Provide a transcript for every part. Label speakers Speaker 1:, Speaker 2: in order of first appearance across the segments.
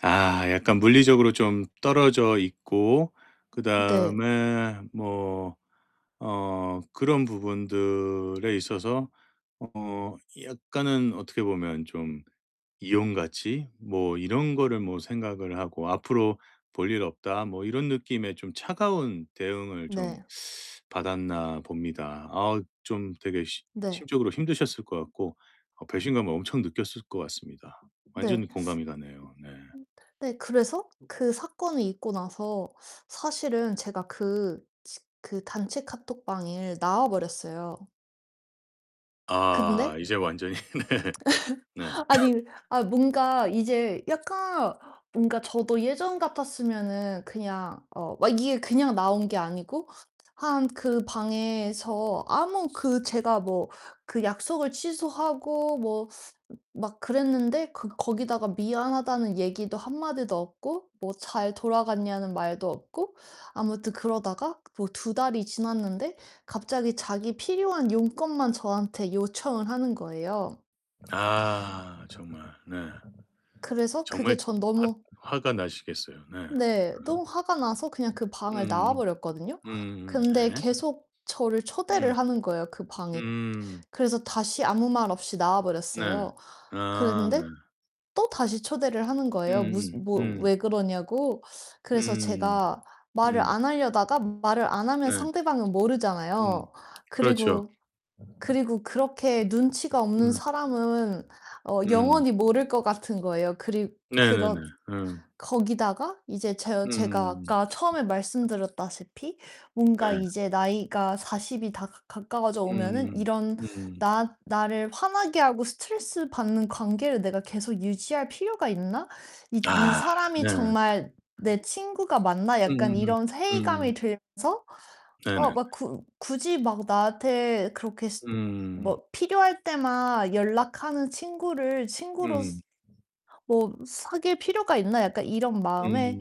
Speaker 1: 아 약간 물리적으로 좀 떨어져 있고
Speaker 2: 네.
Speaker 1: 그다음에 뭐 어 그런 부분들에 있어서 어 약간은 어떻게 보면 좀 이용 가치 뭐 이런 거를 뭐 생각을 하고 '앞으로 볼 일 없다.' 뭐 이런 느낌의 좀 차가운 대응을 좀
Speaker 2: 네.
Speaker 1: 받았나 봅니다. 아 좀 되게 심
Speaker 2: 네.
Speaker 1: 심적으로 힘드셨을 것 같고 어 배신감을 엄청 느꼈을 것 같습니다.
Speaker 2: 네.
Speaker 1: 완전히 공감이 가네요. 네.
Speaker 2: 음 네 그래서 그 사건이 있고 나서 사실은 제가 그-치 그 단체 카톡방을 나와 버렸어요.
Speaker 1: 아
Speaker 2: 근데
Speaker 1: 이제 완전히. 네. 네.
Speaker 2: 아니 아 뭔가 이제 약간 뭔가 저도 예전 같았으면은 그냥 어 막 이게 그냥 나온 게 아니고 한 그 방에서 아무 그 제가 뭐 그 약속을 취소하고 뭐 막 그랬는데 그 거기다가 "미안하다."는 얘기도 한마디도 없고 뭐 "잘 돌아갔냐?"는 말도 없고 아무튼 그러다가 뭐 2 달이 지났는데 갑자기 자기 필요한 용건만 저한테 요청을 하는 거예요.
Speaker 1: 아. 정말 네.
Speaker 2: 그래서 그게
Speaker 1: 정말 즈
Speaker 2: 전 너무
Speaker 1: 화 화가 나시겠어요. 네 으?
Speaker 2: 네. 너무 화가 나서 그냥 그 방을 나와
Speaker 1: 음
Speaker 2: 버렸거든요.
Speaker 1: 음음. 음음음.
Speaker 2: 근데
Speaker 1: 네.
Speaker 2: 계속 저를
Speaker 1: 음.
Speaker 2: 초대를 하는 거예요, 그 방에.
Speaker 1: 음.
Speaker 2: 그래서 다시 아무 말 없이 나와
Speaker 1: 네.
Speaker 2: 버렸어요.
Speaker 1: 아 네.
Speaker 2: 그랬는데 또 다시 초대를 하는 거예요.
Speaker 1: 음음
Speaker 2: 무슨 뭐
Speaker 1: 음.
Speaker 2: "왜 그러냐?"고. 그래서
Speaker 1: 음.
Speaker 2: 제가 말을
Speaker 1: 음.
Speaker 2: 안 하려다가 말을 안 하면
Speaker 1: 네.
Speaker 2: 상대방은
Speaker 1: 음.
Speaker 2: 모르잖아요.
Speaker 1: 그렇죠.
Speaker 2: 그리고 그리고 그렇게 눈치가 없는
Speaker 1: 음.
Speaker 2: 사람은 어
Speaker 1: 음.
Speaker 2: 영원히 모를 것 같은 거예요. 그리
Speaker 1: 네네네.
Speaker 2: 그런
Speaker 1: 음.
Speaker 2: 거기다가 이제 저의 제가
Speaker 1: 음.
Speaker 2: 아까 처음에 말씀드렸다시피 뭔가
Speaker 1: 네.
Speaker 2: '이제 나이가 40 이 다 가 가까워져 오면은
Speaker 1: 음.
Speaker 2: 이런
Speaker 1: 음.
Speaker 2: 나 '나를 화나게 하고 스트레스 받는 관계를 내가 계속 유지할 필요가 있나? 이 이
Speaker 1: 아
Speaker 2: 사람이
Speaker 1: 네.
Speaker 2: 정말 내 친구가 맞나?' 약간
Speaker 1: 음음
Speaker 2: 이런
Speaker 1: 음.
Speaker 2: 회의감이 들면서
Speaker 1: 네네.
Speaker 2: 아 막 굳 굳이 막 나한테 그렇게 스
Speaker 1: 음.
Speaker 2: 뭐 '필요할 때만 연락하는 친구를 친구로서
Speaker 1: 음.
Speaker 2: 뭐 사귈 필요가 있나?' 약간 이런
Speaker 1: 음.
Speaker 2: 마음에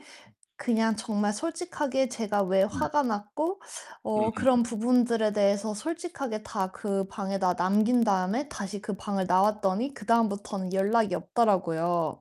Speaker 2: 그냥 정말 솔직하게 제가 왜
Speaker 1: 네.
Speaker 2: 화가 났고 어
Speaker 1: 음음음.
Speaker 2: 그런 부분들에 대해서 솔직하게 다 그 방에다 남긴 다음에 다시 그 방을 나왔더니 그다음부터는 연락이 없더라고요.